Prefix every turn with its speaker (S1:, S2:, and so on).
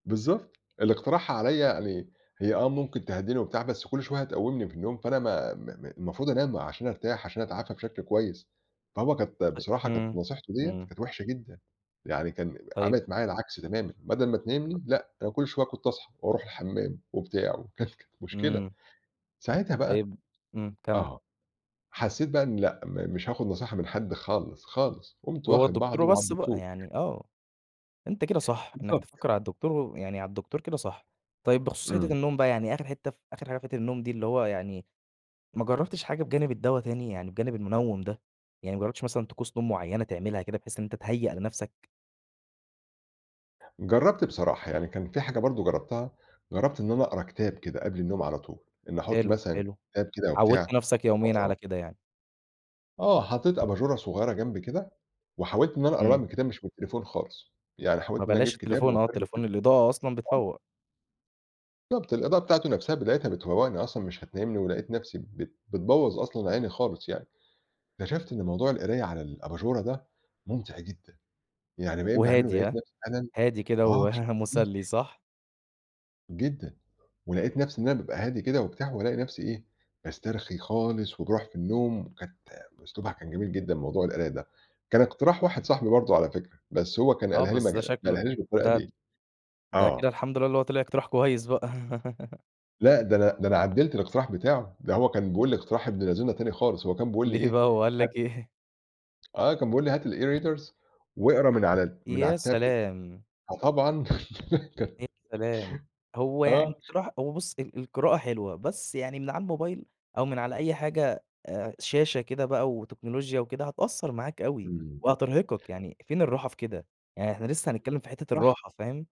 S1: بالضبط، اللي اقترحها عليّا يعني هي آه، ممكن تهدِّيني وبتاع، بس كُلّ شوية هتقُوِّمني من النوم، فأنا م م م المفروض أنام عشان أرتاح، عشان أتعافى بشكل كويس. فهو كانت
S2: طيب
S1: بصراحة كانت
S2: امم،
S1: نصيحته ديّة
S2: امم.
S1: كانت وحشة جدًا، يعني كان
S2: طيب.
S1: عملت معايا العكس تمامًا، بدل ما تنيِّمني، لأ، أنا كُلّ شوية كنت أصحى وأروح الحَمَّام وبتاع، وكان كانت مشكلة.
S2: امم.
S1: ساعتها بقى
S2: طيب امم، كمل.
S1: آه، حسَّيت بقى إن لأ، م مش هآخد نصيحة من حد خالص، خالص قُمت
S2: وهو
S1: واخد
S2: الدكتور
S1: بعضي وعلى
S2: وبَص بقى
S1: الدكتور.
S2: يعني آه، أنت كده صح، إنك
S1: بالضبط.
S2: تفكر على الدكتور و ويعني على الدكتور كده صح. طيب بخصوص
S1: امم.
S2: حِتّة النوم بقى، يعني آخِر حِتّة فآخِر حاجة في حِتّة النوم دي اللي هو يعني ما جربتش حاجة بجانب الدّوا تاني؟ يعني بجانب المُنوِّم ده، يعني ما جربتش مثلًا طقوس نوم مُعيّنة تعملها كده، بحيث إن أنت تهيَّأ لنفسك؟
S1: جربت بصراحة، يعني كان في حاجة برضو جربتها، جربت إن أنا أقرا كتاب كده قبل النوم على طول، إن أحُطّ
S2: حلو،
S1: مثلًا
S2: حلو،
S1: كتاب كده
S2: عوِّدت
S1: وبتاع،
S2: نفسك يوميًا على
S1: وأقراه.
S2: كده يعني؟
S1: آه، حطيت أباجُورة صغيرة جمبي كده، وحاولت إن أنا أقراها
S2: امم.
S1: من الكتاب مش من التليفون خالص، يعني
S2: ما
S1: حاولت إن أنا أجيب
S2: بلاش
S1: كتاب
S2: التليفون، آه،
S1: وأفرُه كده.
S2: التليفون الإضاءة أصلًا
S1: [unintelligible]
S2: بتفوّق.
S1: بالضبط، الإضاءة بتاعته نفسها بتاعتها بتفوّقني أصلًا، مش هتنيّمني ولقيت نفسي بت بتبوَّظ أصلًا عيني خالص يعني، اكتشفت إن موضوع القراية على الأباجُورة ده مُمتع جدًا، يعني بقيت باعمله
S2: وهادي
S1: ولقيت
S2: هاه؟
S1: نفسي فعلًا
S2: هادي كده
S1: آه، بشكل كبير.
S2: ومُسلي صح؟
S1: جدًا، ولقيت نفسي إن أنا بابقى هادي كده وبتاع وألاقي نفسي إيه، باسترخي خالص وباروح في النَّوم، وكانت أسلوبها كان جميل جدًا موضوع القراية ده، كان اقتراح واحد صاحبي برضه على فكرة، بس هو كان
S2: آه،
S1: قالها لي
S2: بس ده
S1: مجال
S2: شكله
S1: قالها لي بالطريقة
S2: ده
S1: ديَّة،
S2: ده كده
S1: آه.
S2: الحمد لله اللي هو طلع اقتراح كويس بقى.
S1: لأ، ده أنا ده أنا عدَّلت الاقتراح بتاعُه، ده هو كان بيقول لي اقتراح ابن لذينا تاني خالص، هو كان بيقول لي
S2: ليه بقى،
S1: إيه
S2: هو قال
S1: هات
S2: لك إيه؟
S1: آه، كان بيقول لي: "هات الEreaders واقرا من على من
S2: يا
S1: على الTablet"
S2: سلام!
S1: فطبعًا كان
S2: يا سلام! هو يعني
S1: آه.
S2: اقتراح هو بُص ال القراءة حلوة، بس يعني من على الموبايل، أو من على أي حاجة، آآ شاشة كده بقى وتكنولوجيا وكده، هتأثّر معاك أوي،
S1: امم.
S2: وهترهِقّك، يعني فين الرّاحة في كده؟ يعني إحنا لسه هنتكلِّم في حِتّة
S1: صح.
S2: الرَّاحة فاهم؟